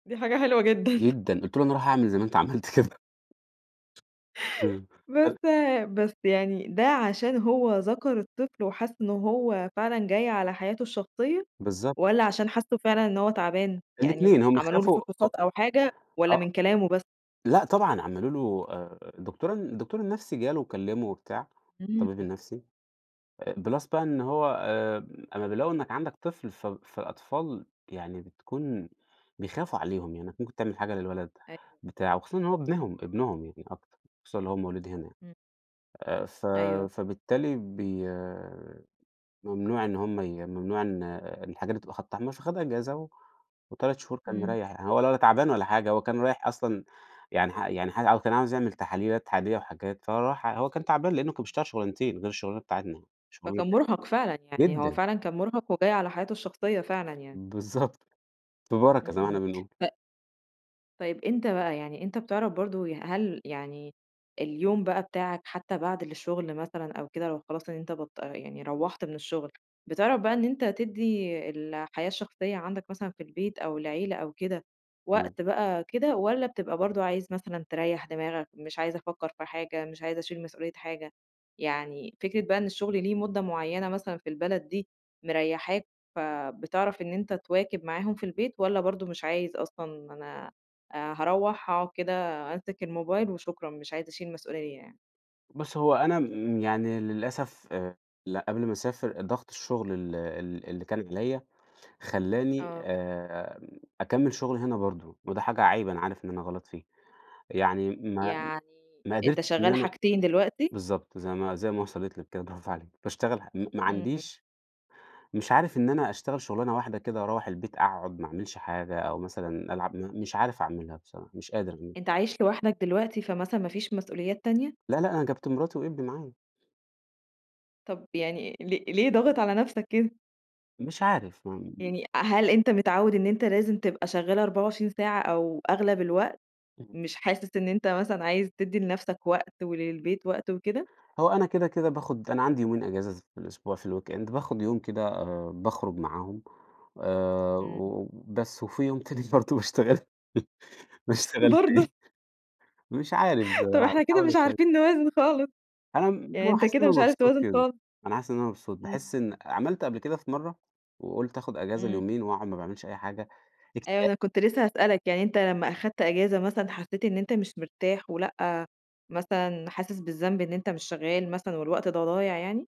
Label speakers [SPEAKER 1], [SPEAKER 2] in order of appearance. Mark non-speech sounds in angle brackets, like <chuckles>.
[SPEAKER 1] دي حاجة حلوة جدًا. <chuckles>
[SPEAKER 2] جدًا، قُلت له أنا هاروح أعمل زي ما أنت عملت كده. إمم.
[SPEAKER 1] بس بس يعني ده عشان هو ذكر الطفل وحس إن هو فعلًا جاي على حياته الشخصية،
[SPEAKER 2] بالضبط.
[SPEAKER 1] والَّا عشان حس فعلًا إن هو تعبان، يعني
[SPEAKER 2] الاتنين، هم
[SPEAKER 1] عملوا له
[SPEAKER 2] خافوا أ
[SPEAKER 1] فحوصات أو حاجة والَّا
[SPEAKER 2] آه،
[SPEAKER 1] من كلامه بس؟
[SPEAKER 2] لأ طبعًا عملوا له آآ الدكتور ال الدكتور النفسي جاله وكلمه وبتاع
[SPEAKER 1] إمم.
[SPEAKER 2] الطبيب النفسي plus بقى إن هو آآ، أما بيلاقوا إنك عندك طفل ف فالأطفال يعني بتكون بيخافوا عليهم لأنك ممكن تعمل حاجة للولد
[SPEAKER 1] أيوه، أكيد،
[SPEAKER 2] بتاع، وخصوصًا إن هو
[SPEAKER 1] إمم.
[SPEAKER 2] ابنهم ابنهم يعني أكتر خصوصًا إن هو مولود هنا
[SPEAKER 1] إمم.
[SPEAKER 2] آآ، ف
[SPEAKER 1] أيوه.
[SPEAKER 2] فبالتالي بي ممنوع إن هُم ي ممنوع إن الحاجات دي بتبقى خط أحمرفخد أجازة و3 شهور كان
[SPEAKER 1] إمم.
[SPEAKER 2] مريح يعني هو ولا تعبان ولا حاجة هو كان رايح أصلًا يعني ح يعني ح كان عايز يعمل تحليلات عادية وحاجات فهو راح هو كان تعبان لأنه كان بيشتغل شغلانتين غير الشغلانة بتاعتنا
[SPEAKER 1] فكان
[SPEAKER 2] <unintelligible>
[SPEAKER 1] مرهق فعلًا، يعني هو
[SPEAKER 2] جدًا.
[SPEAKER 1] فعلًا كان مرهق وجاي على حياته الشخصية فعلًا يعني.
[SPEAKER 2] بالضبط، في بركة
[SPEAKER 1] إمم،
[SPEAKER 2] زي ما إحنا
[SPEAKER 1] إمم.
[SPEAKER 2] بنقول.
[SPEAKER 1] ط طيب أنت بقى يعني أنت بتعرف برضه، هل يعني اليوم بقى بتاعك حتى بعد الشغل مثلًا أو كده لو خلاص إن انت بطل يعني روّحت من الشغل، بتعرف بقى إن أنت تدي الحياة الشخصية عندك مثلًا في البيت أو العيلة أو كده
[SPEAKER 2] إمم.
[SPEAKER 1] وقت بقى كده، والَّا بتبقى برضه عايز مثلًا تريح دماغك، مش عايز أفكر في حاجة، مش عايز أشيل مسؤولية حاجة، يعني فكرة بقى إن الشغل ليه مدة معينة مثلًا في البلد دي، مريحاك فبتعرف إن أنت تواكب معاهم في البيت والَّا برضه مش عايز أصلًا أنا آآ، هاروّح أقعد كده أمسك الموبايل وشكرًا مش عايز أشيل مسؤولية يعني؟
[SPEAKER 2] بُصي، هو أنا م يعني للأسف آآ قبل ما أسافر ضغط الشغل ال ال اللي كان عليَّ خلاني
[SPEAKER 1] آه.
[SPEAKER 2] آآ، أكمل شغل هنا برضه، وده حاجة عيب أنا عارف إن أنا غلط فيه، يعني ما
[SPEAKER 1] يعني
[SPEAKER 2] ما
[SPEAKER 1] أنت
[SPEAKER 2] قدرتش إن
[SPEAKER 1] شغال
[SPEAKER 2] أنا
[SPEAKER 1] حاجتين دلوقتي؟
[SPEAKER 2] بالضبط زي ما زي ما وصلت لِك كده برافو عليكِ باشتغل م ما
[SPEAKER 1] إمم.
[SPEAKER 2] عنديش مش عارف إن أنا أشتغل شغلانة واحدة كده وأروّح البيت أقعد ما أعملش حاجة، أو مثلًا ألعب مش عارف أعملها بصراحة، مش قادر.
[SPEAKER 1] أنت عايش لوحدك دلوقتي فمثلًا ما فيش مسؤوليات تانية؟
[SPEAKER 2] لأ لأ أنا جيبت مراتي وابني معايا.
[SPEAKER 1] طب يعني ليه ليه ضاغط على نفسك كده؟
[SPEAKER 2] مش عارف ما
[SPEAKER 1] يعني هل أنت متعود إن أنت لازم تبقى شغال 24 ساعة أو أغلب الوقت،
[SPEAKER 2] إمم.
[SPEAKER 1] مش حاسس إن أنت مثلًا عايز تدي لنفسك وقت وللبيت وقت وكده؟
[SPEAKER 2] هو أنا كده كده باخد أنا عندي يومين إجازة في الأسبوع في الweekend باخد يوم كده آآ، باخرج معاهم آآ،
[SPEAKER 1] إمم.
[SPEAKER 2] وبس وفي يوم تاني برضه باشتغل باشتغل
[SPEAKER 1] برضه.
[SPEAKER 2] فيه مش عارف
[SPEAKER 1] <chuckles> طب
[SPEAKER 2] آآ،
[SPEAKER 1] إحنا كده
[SPEAKER 2] باحاول
[SPEAKER 1] مش
[SPEAKER 2] اسيطر.
[SPEAKER 1] عارفين نوازن خالص،
[SPEAKER 2] أنا
[SPEAKER 1] يعني أنت
[SPEAKER 2] حاسس إن
[SPEAKER 1] كده
[SPEAKER 2] أنا
[SPEAKER 1] مش عارف
[SPEAKER 2] مبسوط
[SPEAKER 1] توازن
[SPEAKER 2] كده،
[SPEAKER 1] خالص.
[SPEAKER 2] أنا حاسس إن أنا مبسوط
[SPEAKER 1] إمم.
[SPEAKER 2] باحس إن عملت قبل كده في مرّة وقلت آخد إجازة
[SPEAKER 1] إمم.
[SPEAKER 2] اليومين وأقعد ما باعملش أي حاجة
[SPEAKER 1] أيوه،
[SPEAKER 2] اكتئا
[SPEAKER 1] أنا كنت لسه هاسألك يعني أنت لما أخدت إجازة مثلًا حسيت إن أنت مش مرتاح، ولأ مثلًا حاسس بالذنب إن أنت مش شغال مثلًا والوقت ده ضايع يعني؟